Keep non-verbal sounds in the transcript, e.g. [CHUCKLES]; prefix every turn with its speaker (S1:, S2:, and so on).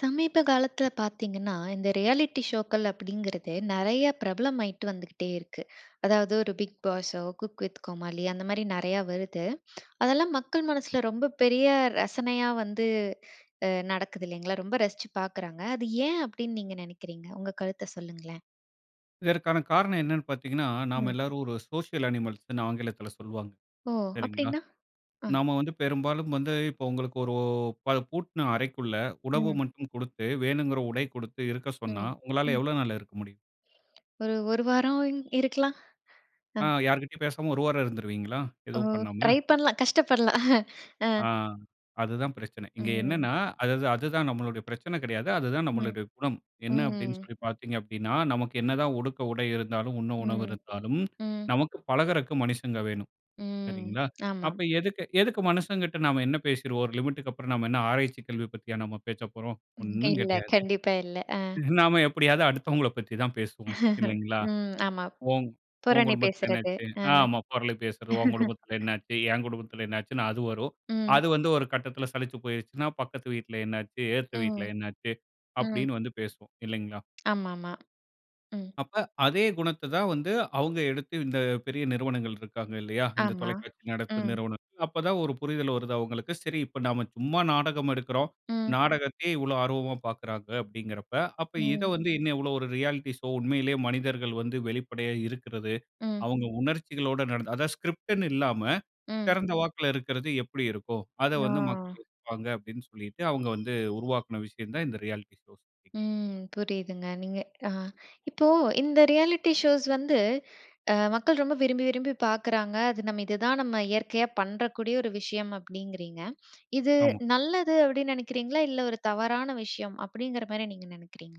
S1: சமீப காலத்தில பார்த்தீங்கன்னா, இந்த ரியாலிட்டி ஷோக்கள் அப்பிடிங்கிறது நிறைய பிரபலமாயிட்டு வந்துகிட்டே இருக்கு. அதாவது ஒரு பிக் பாஸோ! குக் வித் கோமாளி, அந்தமாரி நிறையா வருது. அதெல்லாம் மக்கள் மனசில ரொம்ப பெரிய ரசனையா வந்து அ நடக்குது இல்லேங்களா! ரொம்ப ரசிச்சு பார்க்குறாங்க. அது ஏன் அப்பிடின்னு நீங்க நினைக்கிறீங்க? உங்க கருத்த சொல்லுங்களேன்!
S2: இதற்கான காரணம் என்னன்னு பார்த்தீங்கன்னா, நாம
S1: ம்.
S2: எல்லாரும் ஒரு சோசியல் அனிமல்ஸ்ன்னு ஆங்கிலத்தில சொல்வாங்க.
S1: ஓ!
S2: சரிங்களா!
S1: அப்பிடின்னா? அ.
S2: நம்ம வந்து பெரும்பாலும் வந்து இப்போ உங்களுக்கு ஒரு ப பூட்ன அறைக்குள்ள உணவு
S1: ம்.
S2: மட்டும் கொடுத்து, வேணுங்கிற உடை கொடுத்து இருக்க சொன்னா,
S1: ம்,
S2: உங்களால
S1: ம்.
S2: எவ்வளவு நாள் இருக்க முடியும்?
S1: ஒரு, 1 வாரம் இருக்கலாம், அ.
S2: ஆ யார்கிட்டயும் பேசாம 1 வாரம் இருந்துருவீங்களா?
S1: ஓ!
S2: எதுவும் பண்ணாம?
S1: ட்ரை பண்ணலாம். கஷ்டப்படலாம், அ.
S2: ஆ அதுதான் பிரச்சனை. இங்க
S1: ம்.
S2: என்னன்னா, அது தான், அதுதான் நம்மளுடைய பிரச்சனை கிடையாது. அது தான்
S1: ம்,
S2: நம்முடைய குணம். என்ன அப்பிடின்னு
S1: ம்.
S2: சொல்லி பார்த்தீங்க அப்பிடின்னா, நமக்கு என்னதான் உடுக்க உடை இருந்தாலும், உண்ண உணவு
S1: ம்,
S2: இருந்தாலும்
S1: ம்.
S2: நமக்கு பழகுறக்கு மனுஷங்க வேணும்.
S1: ம்.
S2: சரிங்களா?
S1: ஆமாம்.
S2: அப்ப எதுக்கு, எதுக்கு மனுஷங்கிட்ட நாம என்ன பேசிருவோம்? ஒரு லிமிட்க்கு அப்புறம் நாம் என்ன ஆராய்ச்சிக் கல்வி பத்தியா நாம் பேசப்போறோம். ஒண்ணும்
S1: இல்ல. [CHUCKLES]
S2: கிடையாது.
S1: கண்டிப்பா இல்ல, ஆ
S2: [CHUCKLES] நாம எப்பிடியாவது அடுத்தவங்கள பத்தி தான் பேசுவோம்.
S1: [CHUCKLES]
S2: இல்லேங்களா!
S1: ம். ஆமா.
S2: உன் உன்
S1: புரணி
S2: குடும்பத்தில என்ன
S1: பேசுறது,
S2: ஆச்சு?
S1: அ.
S2: ஆமா, புரளி பேசுறது. உன் குடும்பத்தில
S1: [LAUGHS]
S2: என்ன ஆச்சு? என் குடும்பத்தில என்ன ஆச்சுன்னு அது வரும்.
S1: ம்.
S2: அது வந்து ஒரு கட்டத்தில சலிச்சு போயிருச்சுன்னா, பக்கத்து வீட்ல என்ன ஆச்சு? எதுத்த வீட்ல
S1: ம்,
S2: என்ன ஆச்சு?
S1: ம்.
S2: அப்பிடின்னு வந்து பேசுவோம். இல்லேங்களா!
S1: ஆமா, ஆமா. ம்.
S2: அப்ப அதே குணத்த தான் வந்து அவுங்க எடுத்து இந்த பெரிய நிறுவனங்கள் இருக்காங்க இல்லயா! இந்த
S1: ஆமா,
S2: தொலைக்காட்சி நடப்பு
S1: ம்.
S2: நிறுவனங்கள். அப்ப தான் ஒரு புரிதல் வருது அவுங்களுக்கு. சரி இப்ப நாம சும்மா நாடகம் எடுக்குறோம்.
S1: ம்.
S2: நாடகத்தையே இவ்வளோ ஆர்வமா பார்க்குறாங்க அப்பிடிங்கிறப்ப, அப்ப இத
S1: ம்.
S2: வந்து இன்னும் எவ்வளவு ஒரு ரியாலிட்டி ஷோ உண்மையிலேயே மனிதர்கள் வந்து வெளிப்படையா இருக்கிறது.
S1: ம்.
S2: அவுங்க உணர்ச்சிகளோட நட அதாவது ஸ்கிரிப்ட்ன்னு இல்லாம
S1: ம்.
S2: திறந்த வாக்குல இருக்கிறது, எப்பிடி இருக்கும்? அத வந்து [UNINTELLIGIBLE]
S1: அ.
S2: இருப்பாங்க அப்பிடின்னு சொல்லிட்டு அவுங்க வந்து உருவாக்கின விஷயம் தான் இந்த ரியாலிட்டி ஷோஸ் [UNINTELLIGIBLE]
S1: ம். புரியுதுங்க. நீங்க ஆ. இப்போ இந்த ரியாலிட்டி ஷோஸ் வந்து அ மக்கள் ரொம்ப விரும்பி, விரும்பி பார்க்குறாங்க. அது நம்ம இதுதான் நம்ம இயற்கையா பண்றக்கூடிய ஒரு விஷயம் அப்பிடிங்கிறீங்க. இது
S2: ஆமா.
S1: நல்லது அப்பிடின்னு நினைக்கிறீங்களா? இல்ல ஒரு தவறான விஷயம் அப்பிடிங்கிறமாரி நீங்க நினைக்கிறீங்களா?